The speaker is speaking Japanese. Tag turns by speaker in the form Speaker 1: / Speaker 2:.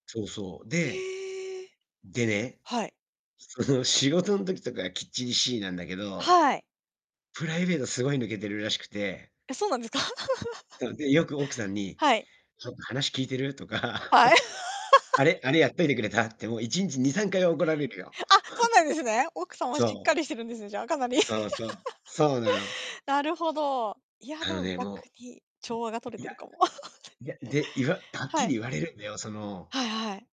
Speaker 1: そうそう、で
Speaker 2: ええ！
Speaker 1: でね、
Speaker 2: はい。
Speaker 1: その、仕事ん時とかはきっちりしいなんだけ
Speaker 2: あ、
Speaker 1: ど、
Speaker 2: はい。
Speaker 1: プライベートすごい抜けてるらしくて
Speaker 2: え、そうなんですか？
Speaker 1: そう、で、よく奥さんに、
Speaker 2: はい。
Speaker 1: 「ちょっと、話聞いてる？」とか、
Speaker 2: はい。
Speaker 1: 「あれあれ やっといてくれた？」って、もう、1日、2、3回怒られるよ。
Speaker 2: あ、そうなんですね。奥さんはしっ
Speaker 1: そ
Speaker 2: かりしてるんですね、じゃあ、かなり。
Speaker 1: う。そうそう、そうなの。
Speaker 2: なるほど。いや、
Speaker 1: あ
Speaker 2: で
Speaker 1: の
Speaker 2: も
Speaker 1: ね、
Speaker 2: 逆
Speaker 1: もう
Speaker 2: に、調和がとれ
Speaker 1: い
Speaker 2: て
Speaker 1: や。
Speaker 2: るかも。
Speaker 1: いや、で、いわ はっ
Speaker 2: は
Speaker 1: き
Speaker 2: い。
Speaker 1: り言われるんだよ、その
Speaker 2: はいはい。